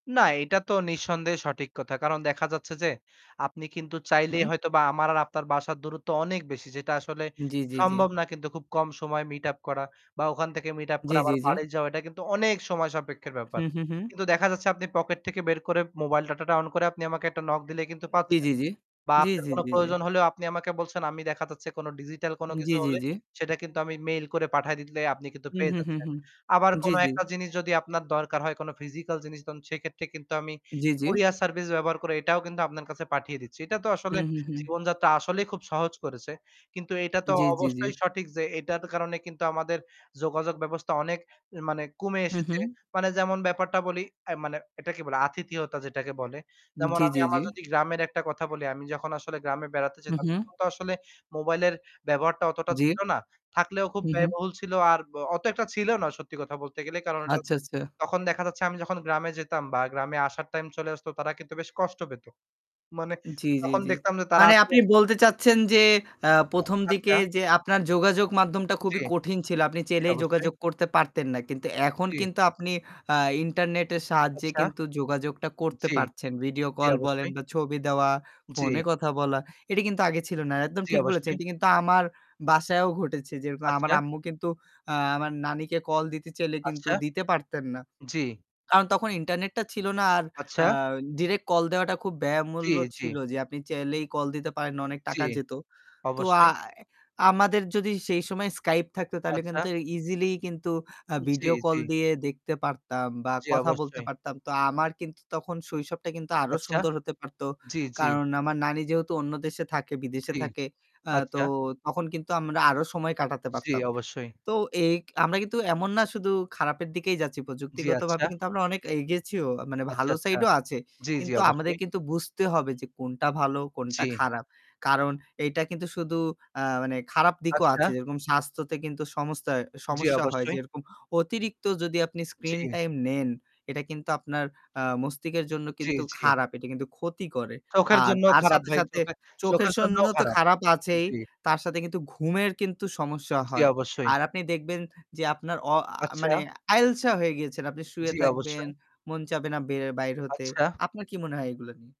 না, এটা তো নিঃসন্দেহে সঠিক কথা। কারণ দেখা যাচ্ছে যে, আপনি কিন্তু চাইলেই উহু। হয়তোবা আমার আর আপনার বাসার দূরত্ব অনেক বেশি যেটা আসলে জি, জি, জি। সম্ভব না কিন্তু খুব কম সময়ে meet up করা। বা ওখান থেকে meet up জি, করে জি, আবার জি। বাড়ি যাওয়া এটা কিন্তু অনেক সময়সাপেক্ষ ব্যাপার। হুম, হুম, হুম। কিন্তু দেখা যাচ্ছে আপনি pocket থেকে বের করে mobile data-টা on করে আপনি আমাকে একটা knock দিলে কিন্তু জি, পাচ্ছেন। জি, জি। বা জি, আপনার জি, কোন জি, প্রয়োজন হলেও আপনি আমাকে বলছেন। আমি দেখা যাচ্ছে কোন digital কোন উম কিছু জি, জি, হলে জি। সেটা কিন্তু আমি mail করে পাঠায় দিলে আপনি কিন্তু হুম, পেয়ে হুম, হুম, যাচ্ছেন। হুম। আবার জি, কোন জি। একটা জিনিস যদি আপনার দরকার হয় কোন physical জিনিস তখন সেক্ষেত্রে কিন্তু আমি জি, জি। courier service ব্যবহার করে এটাও কিন্তু আপনার কাছে পাঠিয়ে দিচ্ছি। এটা তো আসলে হুম, হুম, হুম। জীবনযাত্রা আসলেই খুব সহজ করেছে। কিন্তু এটা তো জি, জি, জি। অবশ্যই সঠিক যে এটার কারণে কিন্তু আমাদের যোগাযোগ ব্যবস্থা অনেক মানে কমে হু, এসেছে। হুম। মানে যেমন ব্যাপারটা বলি অ্যা মানে এটাকে বলে আতিথিয়তা যেটাকে বলে। উম যেমন জি, আমি জি, জি। আমার যদি গ্রামের একটা কথা বলি, আমি যখন আসলে গ্রামে বেড়াতে হুম, যেতাম হুম। তখন তো আসলে mobile এর ব্যবহারটা অতটা জী। ছিল না। থাকলেও খুব উহু। ব্যয়বহুল ছিল আর ব অত একটা ছিল না সত্যি কথা বলতে গেলে। কারণ এটা আচ্ছা, আচ্ছা। তখন দেখা যাচ্ছে আমি যখন গ্রামে যেতাম বা গ্রামে আসার time চলে আসত তারা কিন্তু বেশ কষ্ট পেত। মানে জি, জি, তখন জি। দেখতাম যে তারা মানে আসলে আপনি বলতে চাচ্ছেন যে, আ অ্যা আচ্ছা। প্রথমদিকে যে আপনার যোগাযোগ মাধ্যমটা জী, খুবই কঠিন ছিল। আপনি জি, চাইলেই অবশ্যই। যোগাযোগ করতে পারতেন না। কিন্তু এখন জি। কিন্তু আপনি আ internet এর সাহায্যে আচ্ছা। কিন্তু যোগাযোগটা করতে জি। পারছেন। video জি call বলেন অবশ্যই। বা ছবি দেওয়া, জি। phone এ কথা বলা। এটি কিন্তু আগে ছিল না। একদম জি ঠিক বলেছেন। অবশ্যই। এটি কিন্তু আমার বাসায়ও ঘটেছে। যেরকম আমার আচ্ছা। আম্মু কিন্তু আ আমার নানীকে call দিতে চাইলে কিন্তু আচ্ছা। দিতে পারতেন না। জি। কারণ তখন internet টা ছিল না। আর আ আচ্ছা। direct call দেওয়াটা খুব জি, ব্যয়মূল্য জি। ছিল যে আপনি চাইলেই call দিতে পারেন না। অনেক জি। টাকা যেত। তো অবশ্যই। আয় আমাদের যদি সেই সময় Skype থাকত তাহলে আচ্ছা। কিন্তু easily কিন্তু আ জি, video জি। call দিয়ে দেখতে পারতাম বা জি কথা বলতে অবশ্যই। পারতাম। তো আ আমার কিন্তু তখন শৈশবটা কিন্তু আরও আচ্ছা। সুন্দর হতে পারত। জি, জি। কারণ আমার নানী যেহেতু অন্য দেশে থাকে, বিদেশে জি। থাকে, আ তো আচ্ছা। তখন কিন্তু আমরা আরও সময় কাটাতে জি পারতাম। অবশ্যই। তো এই আমরা কিন্তু এমন না শুধু খারাপের দিকেই যাচ্ছি। জি প্রযুক্তিগতভাবে আচ্ছা। কিন্তু আমরা অনেক এগিয়েছিও। মানে আচ্ছা, ভালো আচ্ছা। side ও আছে। জি, জি কিন্তু আমাদের অবশ্যই। কিন্তু বুঝতে হবে যে কোনটা ভালো কোনটা জি। খারাপ। কারণ এইটা কিন্তু শুধু আ মানে খারাপ দিকও আচ্ছা। আছে। যেরকম স্বাস্থ্যতে কিন্তু সমস্তা জি সমস্যা হয়। অবশ্যই। যেরকম অতিরিক্ত যদি আপনি screen জি। time নেন। এটা কিন্তু আপনার আ মস্তিষ্কের জন্য জি, কিন্তু জি। খারাপ। এটি কিন্তু ক্ষতি করে। চোখের আর জন্যও তার খারাপ সাথে, ভাই, সাথে, চোখে চোখের চোখের জন্য জন্যও তো খারাপ। খারাপ আছেই। জি। তার সাথে কিন্তু ঘুমের কিন্তু সমস্যা জি হয়। অবশ্যই। আর আপনি দেখবেন যে আপনার অ আ মানে আচ্ছা। আইলসা হয়ে গেছেন। আপনি শুয়ে জি থাকবেন, অবশ্যই। মন চাবে না বের বাইর হতে। আচ্ছা। আপনার কি মনে হয় এগুলো নিয়ে?